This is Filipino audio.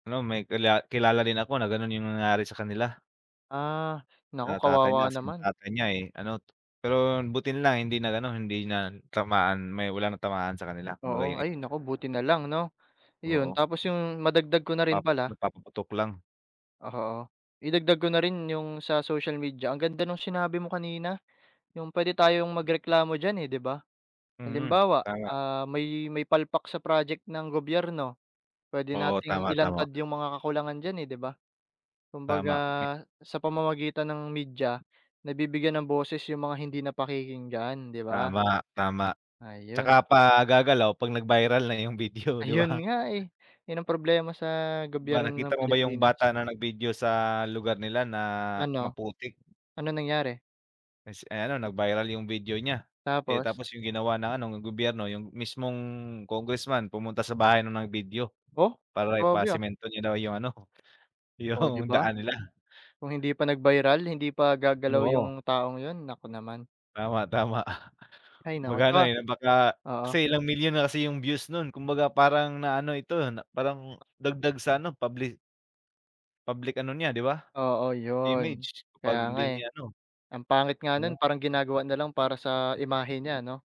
Ano may kila kilala rin ako na ganun yung nangyari sa kanila. Ah, naku Sa tatay niya kawawa kasi, yung naman. tatay niya eh ano, pero buti na lang hindi nag ano hindi natamaan may wala natamaan sa kanila kumbaga Oo, eh. ay naku buti nalang 'no, iyon Oo. tapos yung madagdag ko na rin Pap pala. nagpapaputok lang. Oo, idagdag ko na rin yung sa social media ang ganda nung sinabi mo kanina, yung pwede tayong magreklamo diyan eh, 'di ba. Mhm, Halimbawa, tama. ah, may may palpak sa project ng gobyerno pwede Oo, nating tama, tama. ilantad yung mga kakulangan diyan eh, 'di ba, kumbaga Tama. sa pamamagitan ng media nabibigyan ng boses yung mga hindi na pakikinggan 'di ba. Tama, tama, tsaka Ayun. pa gagalaw pag nag-viral na yung video 'di Ayun ba. nga eh, yun ang problema sa Ba gobyerno nakita ng mo ba yung Pilipinas. bata na nag-video sa lugar nila na Ano, maputik? ano nangyari? Ay si ay ano nag-viral yung video nya, eh, Tapos. tapos yung ginawa ng ano ng gobyerno yung mismong Congressman pumunta sa bahay nung nag-video Oh, para grabe ah! ipasemento niya daw yung ano Oh 'di yung ba, daan nila. kung hindi pa nag-viral hindi pa gagalaw Oo. yung taong yun naku naman. Tama, tama Ay naku kumbaga ano tsaka, eh baka, kasi oo. ilang milyon na kasi yung views nun, kumbaga parang naano ito na parang dagdag sa ano public public ano niya 'di ba Oo yun, image, kaya kapag nga hindi eh. niya ano. Ang pangit nga nun 'No. parang ginagawa nalang para sa imahe niya ano.